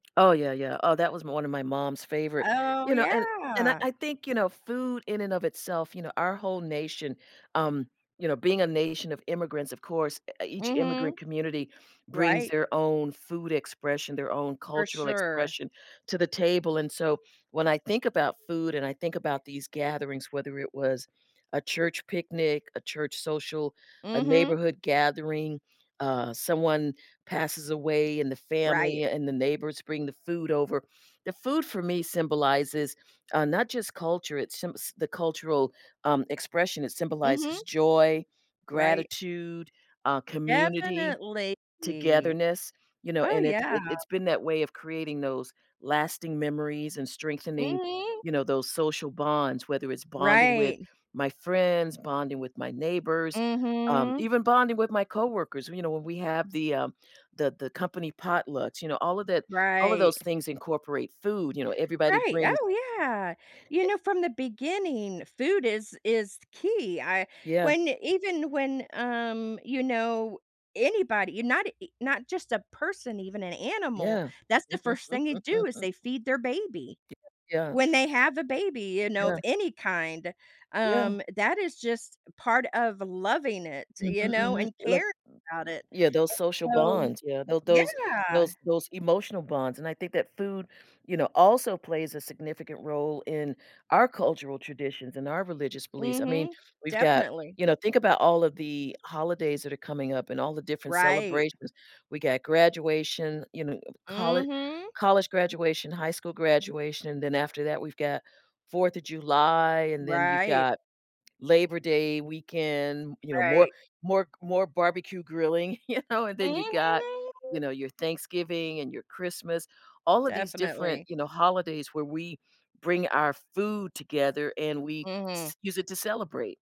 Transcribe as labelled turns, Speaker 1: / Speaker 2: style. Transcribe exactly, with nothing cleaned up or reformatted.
Speaker 1: Oh, yeah, yeah. Oh, that was one of my mom's favorite`
Speaker 2: Oh,
Speaker 1: you know, and and I
Speaker 2: yeah.
Speaker 1: I think, you know, food in and of itself, you know, our whole nation, um, you know, being a nation of immigrants, of course, e each
Speaker 2: Mhm.
Speaker 1: immigrant community brings
Speaker 2: Right.
Speaker 1: their own food expression, their own
Speaker 2: For
Speaker 1: cultural
Speaker 2: sure.
Speaker 1: expression to the table, and so, when I think about food and I think about these gatherings, whether it was a church picnic, a church social, a
Speaker 2: Mhm.
Speaker 1: neighborhood gathering, uh, someone passes away and the
Speaker 2: Right.
Speaker 1: family and the neighbors bring the food over, the food for me symbolizes, uh, not just culture it symbs the cultural, um, expression, it
Speaker 2: Mhm.
Speaker 1: symbolizes joy,
Speaker 2: Right.
Speaker 1: gratitude, uh, community,
Speaker 2: Definitely.
Speaker 1: togetherness, you know,
Speaker 2: Oh,
Speaker 1: and it
Speaker 2: yeah.
Speaker 1: it it's been that way of creating those lasting memories and strengthening,
Speaker 2: Mhm.
Speaker 1: you know, those social bonds, whether it's bonding with
Speaker 2: Right.
Speaker 1: my friends, bonding with my neighbors, um,
Speaker 2: Mhm.
Speaker 1: even bonding with my coworkers, you know, when we have the, um, the the company potlucks, you know, all of that all of those
Speaker 2: Right.
Speaker 1: things incorporate food, you know, everybody
Speaker 2: Right.
Speaker 1: brings
Speaker 2: Oh, yeah, you
Speaker 1: Eh
Speaker 2: know, from the beginning, food is is the key, I
Speaker 1: Yeah.
Speaker 2: when even when, um, you know, anybody, not a not just a person, even an animal,
Speaker 1: Yeah.
Speaker 2: that's the first thing they do is they feed their baby.
Speaker 1: Yeah, yeah.
Speaker 2: When they
Speaker 1: F
Speaker 2: have a baby, you know, of
Speaker 1: Yeah.
Speaker 2: any kind,
Speaker 1: Yeah.
Speaker 2: um, that is just part of loving it,
Speaker 1: Mhm,
Speaker 2: you know?
Speaker 1: mhm,
Speaker 2: And
Speaker 1: like
Speaker 2: caring about it,
Speaker 1: yeah, those social
Speaker 2: and so
Speaker 1: bonds, yeah, tho those
Speaker 2: Yeah.
Speaker 1: those those emotional bonds, and I think that food, you know, also plays a significant role in our cultural traditions and our religious beliefs, I mean,
Speaker 2: Mhm.
Speaker 1: we've got
Speaker 2: Definitely.
Speaker 1: you know, think about all of the holidays that are coming up and all the different
Speaker 2: Right.
Speaker 1: celebrations, we got graduation, you know, colle
Speaker 2: Mhm.
Speaker 1: college graduation, high school graduation, then after that, we've got fourth of July, and then you've
Speaker 2: Right.
Speaker 1: got Labor Day weekend, you know, more
Speaker 2: Right.
Speaker 1: more more barbecue grilling, you know, and then you got, you
Speaker 2: Mhm.
Speaker 1: know, your Thanksgiving and your Christmas, all of these different,
Speaker 2: Definitely.
Speaker 1: you know, holidays where we bring our food together and we
Speaker 2: Mhm.
Speaker 1: c use it to celebrate.